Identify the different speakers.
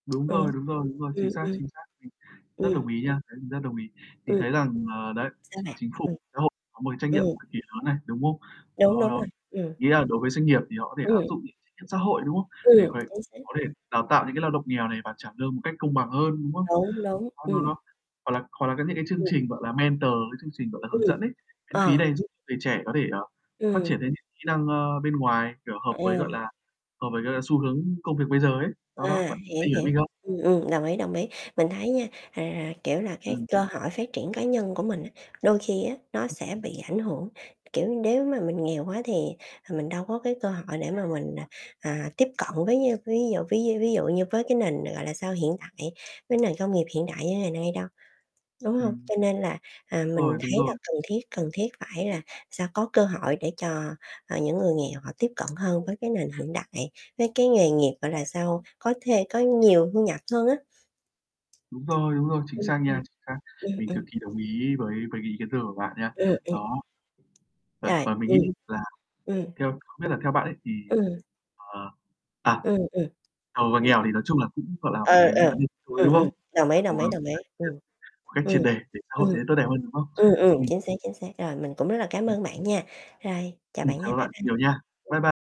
Speaker 1: Đúng
Speaker 2: Ừ.
Speaker 1: rồi, đúng rồi, đúng rồi. Chính
Speaker 2: Ừm,
Speaker 1: xác,
Speaker 2: ừm.
Speaker 1: chính xác. Mình rất
Speaker 2: Ừm.
Speaker 1: đồng ý nha, mình rất đồng ý. Mình
Speaker 2: Ừm.
Speaker 1: thấy rằng ờ, đấy,
Speaker 2: Sao
Speaker 1: Chí
Speaker 2: bạn?
Speaker 1: Chính phủ,
Speaker 2: Ừm.
Speaker 1: xã hội có một cái trách nhiệm
Speaker 2: Ừm.
Speaker 1: cực kỳ lớn này, đúng không?
Speaker 2: Đúng,
Speaker 1: Đó,
Speaker 2: đúng
Speaker 1: đó.
Speaker 2: rồi, ừm.
Speaker 1: Ý là đối với doanh nghiệp thì họ có thể áp
Speaker 2: Ừm.
Speaker 1: dụng những [unintelligible] xã hội, đúng không? Để
Speaker 2: Ừm,
Speaker 1: có thể
Speaker 2: chính xác.
Speaker 1: có thể đào tạo những cái lao động nghèo này và trả lương một cách công bằng hơn, đúng không?
Speaker 2: Đúng, đúng,
Speaker 1: Công nhận
Speaker 2: ừm.
Speaker 1: không? Hoặc là hoặc là cái những cái chương
Speaker 2: Ừm.
Speaker 1: trình, gọi là, mentor, cái chương trình, gọi là, hướng
Speaker 2: Ừm,
Speaker 1: dẫn ấy, miễn phí
Speaker 2: ờ.
Speaker 1: này giúp người trẻ có thể, ờ, phát
Speaker 2: Ừm.
Speaker 1: triển lên những kỹ năng, ờ, bên ngoài, kiểu, hợp
Speaker 2: Ờ.
Speaker 1: với, gọi là, hợp với cả là xu hướng công việc bây giờ ấy. Đó, đó,
Speaker 2: À,
Speaker 1: bạn bạn
Speaker 2: hiểu,
Speaker 1: hiểu
Speaker 2: hiểu,
Speaker 1: mình không?
Speaker 2: ừm, ừm, đồng ý, đồng ý. Mình
Speaker 1: [unintelligible]
Speaker 2: thấy nha, à, kiểu là, cái
Speaker 1: Ừm.
Speaker 2: cơ hội phát triển cá nhân của mình, á, đôi khi á, nó
Speaker 1: [unintelligible]
Speaker 2: sẽ bị ảnh hưởng, kiểu, nếu mà mình nghèo quá thì, ờ, mình đâu có cái cơ hội để mà mình, à, à, tiếp cận với, a, ví dụ ví d ví dụ như với cái nền, gọi là sao, hiện tại, với nền công nghiệp hiện đại như ngày nay đâu, đúng hông?
Speaker 1: Ừm.
Speaker 2: Cho nên là, à,
Speaker 1: Đúng rồi,
Speaker 2: mình
Speaker 1: đúng
Speaker 2: thấy là
Speaker 1: rồi.
Speaker 2: cần thiết cần thiết phải là sao có cơ hội để cho, ờ, những người nghèo họ tiếp cận hơn với cái nền hiện đại, với cái nghề nghiệp, gọi là sao, có thê có nhiều thu nhập hơn á.
Speaker 1: Đúng rồi, đúng rồi, chính
Speaker 2: Ừm,
Speaker 1: xác
Speaker 2: ừm.
Speaker 1: nha, chính xác.
Speaker 2: Ừm,
Speaker 1: Mình cực
Speaker 2: ừm.
Speaker 1: kỳ đồng ý với với cái ý kiến thừa của bạn nha.
Speaker 2: Ừm, ừm.
Speaker 1: Đó. Và
Speaker 2: Rồi,
Speaker 1: và mình nghĩ
Speaker 2: ừm.
Speaker 1: là
Speaker 2: Ừm.
Speaker 1: theo không biết là theo bạn ấy thì,
Speaker 2: Ừm.
Speaker 1: ờ à,
Speaker 2: Ừm, ừm.
Speaker 1: giàu và
Speaker 2: [unintelligible]
Speaker 1: nghèo thì nói chung là cũng, gọi là, một
Speaker 2: Ừ,
Speaker 1: cái
Speaker 2: ờ.
Speaker 1: vấn đề cuối,
Speaker 2: Ừm,
Speaker 1: đúng
Speaker 2: ừm,
Speaker 1: không?
Speaker 2: đồng
Speaker 1: Là
Speaker 2: ý,
Speaker 1: cố
Speaker 2: đồng ý,
Speaker 1: gắng
Speaker 2: đồng ý.
Speaker 1: phát triển
Speaker 2: Ừm,
Speaker 1: [unintelligible] một cách
Speaker 2: ừm,
Speaker 1: triệt để để xã hội
Speaker 2: ừm,
Speaker 1: trở nên tốt đẹp hơn, đúng không?
Speaker 2: ừm, ừm,
Speaker 1: Ừm.
Speaker 2: chính xác, chính xác. Rồi, mình cũng rất là cám
Speaker 1: Ừm.
Speaker 2: ơn bạn nha. Rồi, chào
Speaker 1: Ừm,
Speaker 2: bạn nha,
Speaker 1: cảm ơn
Speaker 2: bye
Speaker 1: bạn
Speaker 2: bye.
Speaker 1: nhiều nha. Bye
Speaker 2: Ừm.
Speaker 1: bye.